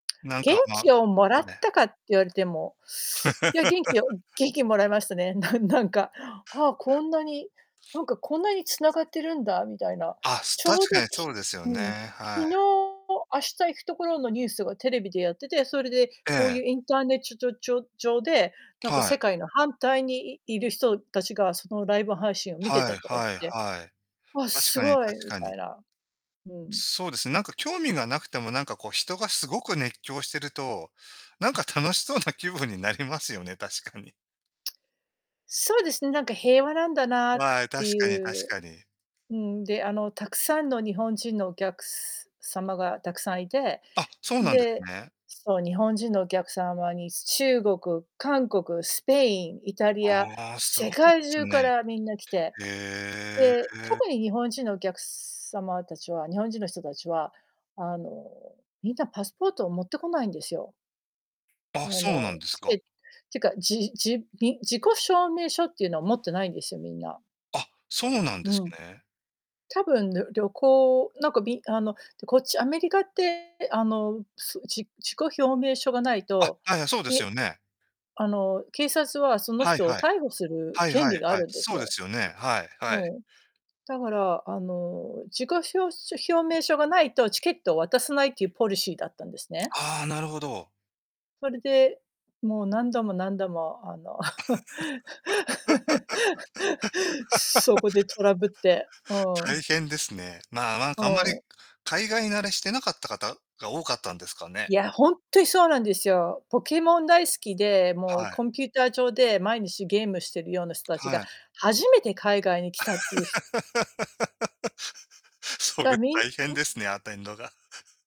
なん元か、ま、あっ気をもらぱっれ。たかって言われても、いや元気を 元気もらいましたね、なんなんか、ああ、こんなに、なんかこんなに繋がってるんだみたいな。あ、すち確ょうかど、にそうきですようね、ん、昨は日、い。明日行くところのニュースがテレビでやってて、それで、こうええ。ゆう、インターネッチョチョチョ上で、なんかは世い。界の反対に、いいる人たちが、そのライブ配信を見てはいたとか言っはいて、はい。あ、確すかにごい確みかたに。いな、うん。そうです、なんか興味がなくても、なんかこう、人がすごく熱狂してると、なんか楽しそうな気分になりますよね、確かに。そうですね、なんか平和なんだなっあい、て確かにゆ確うかに。うん、で、あの、たくさんの日本人のお客様が、たくさんいて、あ、そうなんですで、ね。そう、日本人のお客様に、中国、韓国、スペイン、イタリア、ああ、す世ごい界す中ね。からみんな来て、へで、え。特に日本人のお客様たちは日本人の人たちは、あの、みんなパスポートを持ってこないんですよ。ああ、そうなの、んですチか。ケてか、じじん、自己証明書ってゆうの持ってないんですよ、みんな。あ、そうなんでうすん。ね。多分、ぬ旅行なんか、みんあの、こっちアメリカって、あの、うつじ自己証明書がないあ、と、はいはい、そうですえ、よね。あの、警察は、そのはい人をはい。逮捕するはい権はい利があはい。るんですそうでよ。すよね。はいはい。うん、だから、あの、自己しょうしょひょうめいしょがないと、チケットを渡さないっていうポリシーだったんですね。はあ、なるほど。それで、もう、何度も何度も、あの そ こでトラブって、う大ん。変ですね。まあ、なんうかあんまり、かん。海外慣れしてなかった方が多かったんですかね。いや、ほんとにそうなんですよ。ポケモン大好きで、もはう、い。コンピューター上で毎日ゲームしてるような人たちはがい。初めて海外に来たってゆう、ひ それだみんん。大変ですね、アテンドが。